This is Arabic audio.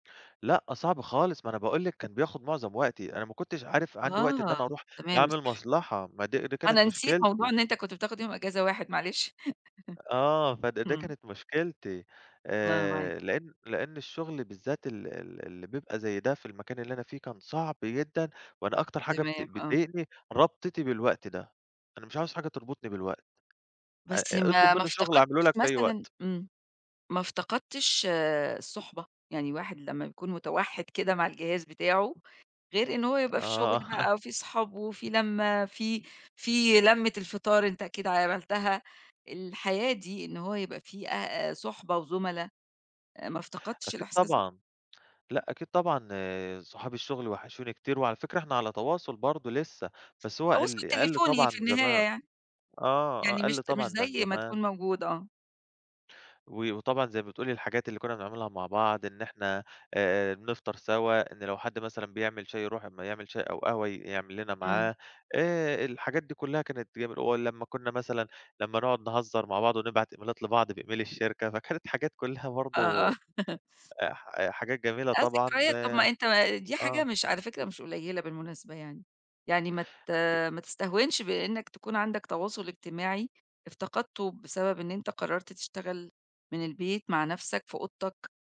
لأ، صعب خالص، ما أنا باقول لِك كان بياخد مُعظم وقتي، أنا ما كنتش عارف عندي وقت إن آه، أنا أرُوح تمام، أعمل صح. مصلحة، ما دي دي كانت أنا نسيت موضوع مشكلتي. إن أنت كنت بتاخد يوم أجازة واحد، معلش آه، فد ده إمم. كانت مشكلتي لأ، أنا معاك. آآ، لإن لإن الشُغل بالذات ال ال اللي بيبقى زي ده في المكان اللي أنا فيه كان صعب جدًا، وأنا أكتر حاجة بت تمام، آه. بتضايقني ربطِتي بالوقت ده، أنا مش عاوز حاجة تربُطني بالوقت. أ بس أ ما اطلُب ما منّي شُغل أعمله افتقدتش لك في أي مثلًا وقت. إمم. ما افتقدتش الصُّحبة، يعني واحد لمّا يكون متوحِّد كده مع الجهاز بتاعه غير إن هو يبقى في شُغل آه بقى وفي أصحاب وفي لَمّة، في في لَمّة الفطار، أنت أكيد عملتها، الحياة دي إن هو يبقى في أ أ صُحبة وزُملا آآ، ما افتقدتش أكيد الإحساس ده؟ طبعًا لأ، أكيد طبعًا صُحاب الشُغل وحشوني كتير، وعلى فكرة إحنا على تواصُل برضه لسه، بس هو تواصل ال قَلّ طبعًا تليفوني في عن النهاية زمان، يعني، آه، آه يعني مش قَلّ ت مش طبعًا عن زي ما زمان. تكون موجود، آه. و وطبعًا زي ما بتقولي، الحاجات اللي كنّا بنعملها مع بعض، إن إحنا آآ بنفطَر سوا، إن لو حَد مثلًا بيعمل شاي يرُوح، أمّا يعمل شاي أو قهوة ي يعمل لنا إمم. معاه آآ، الحاجات دي كلّها كانت جميلة ولمّا كنّا مثلًا لمّا نقعُد نهزّر مع بعض ونبعَت إميلات لبعض بemail الشركة، فكانت حاجات كلّها آه، آه. برضه آآ ح آآ ح حاجات جميلة آه، طبعًا ذكريات. طَب ما أنت ما دي حاجة آه. مش على فكرة مش قليّلة بالمناسبة يعني، يعني ما ت أكيد. ما تستهونش بإنك تكون عَندك تواصُل إجتماعي افتقدته بسبب إن أنت قرّرت تشتغل من البيت مع نَفْسك في أوضتك.